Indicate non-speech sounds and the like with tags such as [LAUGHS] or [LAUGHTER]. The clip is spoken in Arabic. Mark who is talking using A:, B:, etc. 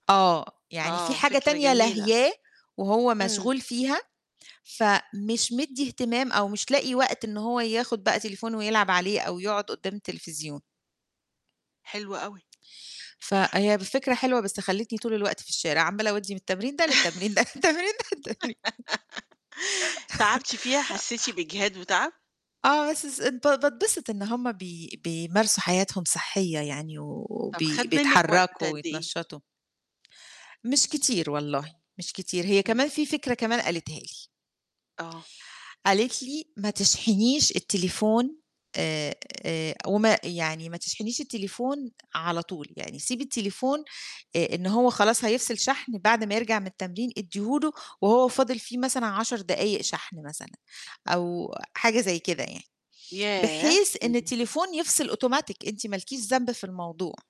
A: آه، يعني في
B: آه،
A: حاجة
B: فكرة
A: تانية
B: جميلة.
A: لاهياه، وهو
B: إمم.
A: مشغول فيها، فمش مدّي اهتمام أو مش لاقي وقت إن هو ياخد بقى تليفون ويلعب عليه أو يقعد قدام التليفزيون.
B: حلو أوي.
A: فهي ب فكرة حلوة بس خليتني طول الوقت في الشارع، عمّالة أودّي من التمرين ده للتمرين، من التمرين ده للتمرين
B: [LAUGHS] تعبتِ فيها حسّيتِ
A: [LAUGHS]
B: بإجهاد وتعب؟
A: آه، بس س بات باتبسط إن هُم بي بيمارسوا حياتهم صحيّة يعني و
B: طَب خَد
A: وبي
B: مِنِّك وقت
A: بيتحرّكوا
B: قد إيه؟
A: ويتنشّطوا. مش كتير والله، مش كتير، هي
B: إمم.
A: كمان في فكرة كمان قالتها لي.
B: آه.
A: قالت لي ما تشحنيش التليفون آآ، آآ، وما يعني ما تشحنيش التليفون على طول، يعني سيبِي التليفون آآ، إن هو خلاص هيفصل شحن بعد ما يرجع من التمرين ادّيه له وهو فاضل فيه مثلًا 10 دقايق شحن مثلًا، أو حاجة زي كده يعني،
B: ياه!
A: بحيث إن
B: إمم.
A: التليفون يفصل أوتوماتيك أنتِ ما لكيش ذنب في الموضوع.